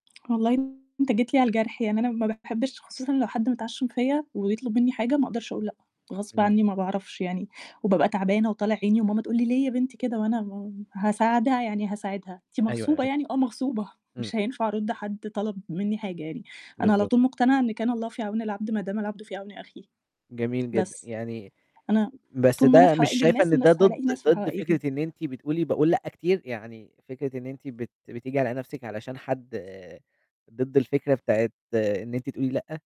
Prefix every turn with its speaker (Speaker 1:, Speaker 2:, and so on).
Speaker 1: والله أنت جيت لي على الجرح يعني أنا ما باحبش خصوصًا لو حد متعشّم فيّا، ويطلب مني حاجة ما أقدرش أقُول لأ، غصب
Speaker 2: إمم.
Speaker 1: عنّي ما باعرفش يعني، وبابقى تعبانة وطالع عيني وماما تقُول لي: "ليه يا بنتي كده؟" وأنا ما هاساعدها يعني هاساعدها، أنتِ
Speaker 2: أيوه،
Speaker 1: مغصوبة
Speaker 2: أيوه.
Speaker 1: يعني؟ آه مغصوبة،
Speaker 2: إمم.
Speaker 1: مش هينفع أرُدّ حَدّ طَلَب مِنّي حاجة يعني، أنا على
Speaker 2: بالضبط.
Speaker 1: طول مقتنعة إن كان الله في عون العبد ما دام العبد في عون أخيه.
Speaker 2: جميل جدًا،
Speaker 1: بس،
Speaker 2: يعني
Speaker 1: أنا
Speaker 2: بس
Speaker 1: طول ما أنا في
Speaker 2: ده مش
Speaker 1: حوائج
Speaker 2: شايفة
Speaker 1: الناس،
Speaker 2: إن ده
Speaker 1: ناس
Speaker 2: ضد،
Speaker 1: هالاقي ناس في
Speaker 2: ضد
Speaker 1: حوائجي.
Speaker 2: فكرة أنتِ بتقُولِي باقُول لأ كتير، يعني فكرة إن أنتِ بت بتيجي على نَفْسِك علشان حَد، ضِد الفكرة بتاعة إن أنتِ تقولِي لأ؟